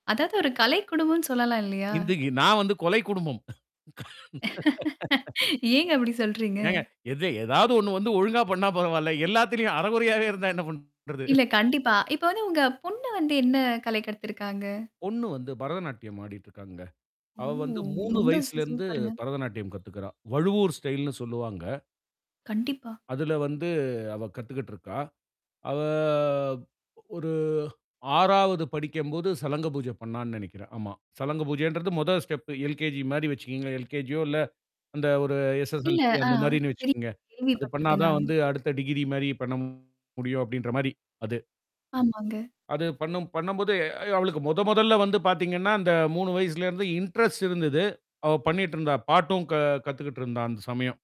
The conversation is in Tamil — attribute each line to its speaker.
Speaker 1: அதாவது ஒரு கலை குடும்பம்ன்னு சொல்லலாம் இல்லயா!
Speaker 2: இன்றைக்கு நான் வந்து கொலை குடும்பம்.
Speaker 1: ஏங்க அப்பிடி சொல்றீங்க?
Speaker 2: ஏங்க எதை ஏதாவது ஒண்ணு வந்து ஒழுங்கா பண்ணா பரவால்ல. எல்லாத்திலயும் அரைகுறையாவே இருந்தா, என்ன பண் றது
Speaker 1: இல்ல. கண்டிப்பா. இப்ப வந்து உங்க பொண்ணு வந்து என்ன கலை கத்திருக்காங்க?
Speaker 2: பொண்ணு வந்து பரதநாட்டியம் ஆடிட்டு இருக்காங்க.
Speaker 1: ஓ!
Speaker 2: அவ வந்து 3
Speaker 1: ரொம்ப சூ
Speaker 2: வயசிலருந்து
Speaker 1: சூப்பருங்க.
Speaker 2: பரதநாட்டியம் கத்துக்கிறா! வழுவூர் ஸ்டைல்ன்னு சொல்லுவாங்க.
Speaker 1: கண்டிப்பா.
Speaker 2: அதில வந்து அவ கத்துகிட்டு இருக்கா. அவ ஒரு 6வது படிக்கும்போது சலங்க பூஜை பண்ணான்னு நினைக்கிறேன். ஆமா. சலங்க பூஜைன்றது முதல் ஸ்டெப், எல்கேஜி மாரி வச்சுகங்களேன். எல்கேஜியோ இல்ல அந்த ஒரு
Speaker 1: இல்ல,
Speaker 2: எஸ்-எஸ்-எல்-சி
Speaker 1: அ
Speaker 2: அந்த மாதிரின்னு
Speaker 1: தெரியும்
Speaker 2: வச்சுகங்க. அது பண்ணா
Speaker 1: கேள்விப்பட்டிருக்கேன்,
Speaker 2: தான்
Speaker 1: நானு.
Speaker 2: வந்து அடுத்த டிகிரி மாதிரி பண்ண முடியும் அப்பிடின்றமாரி அது.
Speaker 1: ஆமாங்க.
Speaker 2: அது பண்ணும் பண்ணும்போது, எ அவளுக்கு முதன் முதல்ல வந்து பார்த்தீங்கன்னா, அந்த 3 வயசிலருந்து இன்ட்ரெஸ்ட் இருந்தது. அவ பண்ணிட்டு இருந்தா. பாட்டும் க கத்துக்கிட்டு இருந்தா! அந்த சமயம்.